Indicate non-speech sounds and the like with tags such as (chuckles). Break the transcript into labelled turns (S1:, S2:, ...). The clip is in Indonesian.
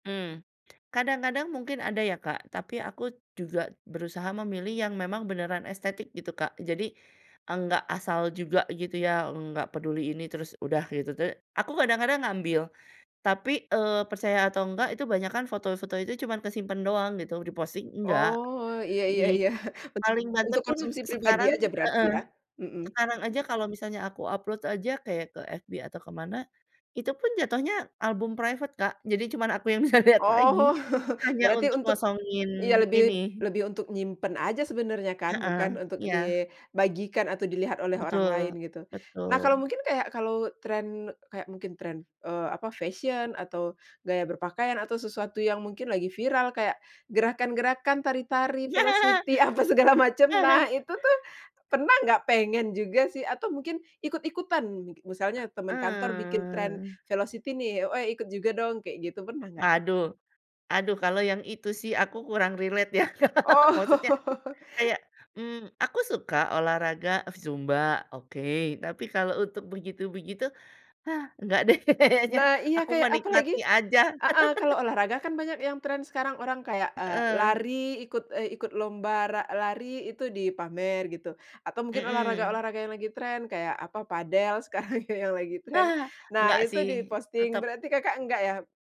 S1: Hmm, kadang-kadang mungkin ada ya, Kak, tapi aku juga berusaha memilih yang memang beneran estetik gitu, Kak. Jadi nggak asal juga gitu ya, nggak peduli ini terus udah gitu, tapi aku kadang-kadang ngambil. Tapi, eee, percaya atau enggak itu banyakan foto-foto itu cuman kesimpen doang gitu di-posting enggak,
S2: Oh, iya iya
S1: di
S2: iya, (chuckles)
S1: paling banter
S2: untuk
S1: pun
S2: konsumsi pribadi
S1: sekarang
S2: aja berarti
S1: heeh,
S2: ya, mhm.
S1: sekarang aja kalau misalnya aku upload aja kayak ke FB atau ke mana, itu pun jatuhnya album private, Kak, jadi cuma aku yang bisa lihat lagi,
S2: Oh, (chuckles)
S1: hanya
S2: berarti
S1: untuk
S2: untuk
S1: ngosongin
S2: iya lebih
S1: ini
S2: lebih untuk nyimpen aja sebenarnya kan
S1: Heeh,
S2: bukan untuk
S1: iya.
S2: dibagikan atau dilihat oleh orang
S1: Betul
S2: lain gitu. Nah kalo
S1: betul.
S2: mungkin kaya kalo trend kaya mungkin trend, eee, apa, fashion, atau gaya berpakaian, atau sesuatu yang mungkin lagi viral kayak gerakan-gerakan, tari-tari,
S1: Iya. (laughs)
S2: velocity, apa segala macam. Nah,
S1: (chuckles)
S2: itu tuh pernah nggak pengen juga sih? Atau mungkin ikut-ikutan, misalnya teman kantor bikin trend
S1: Eee.
S2: velocity nih, "Eh ikut juga dong," kayak gitu pernah gak sih?
S1: Aduh aduh kalo yang itu sih aku kurang relate ya Kak, maksudnya
S2: Oh. (laughs)
S1: kayak, mmm, aku suka olahraga zumba, oke. Tapi kalo untuk begitu-begitu, ah nggak deh kayaknya,
S2: Nah, iya
S1: aku
S2: kayak apalagi
S1: menikmati aja.
S2: heeh, kalau
S1: (laughs)
S2: olahraga kan banyak yang trend sekarang orang kayak, eee,
S1: Heeh.
S2: lari ikut, eee, ikut lomba ra lari itu dipamer gitu, atau mungkin
S1: Mmm.
S2: olahraga-olahraga yang lagi trend kayak apa, padel sekarang yang lagi trend,
S1: Ah,
S2: nah
S1: nggak
S2: itu
S1: sih
S2: di-posting,
S1: tetap
S2: berarti Kakak enggak ya?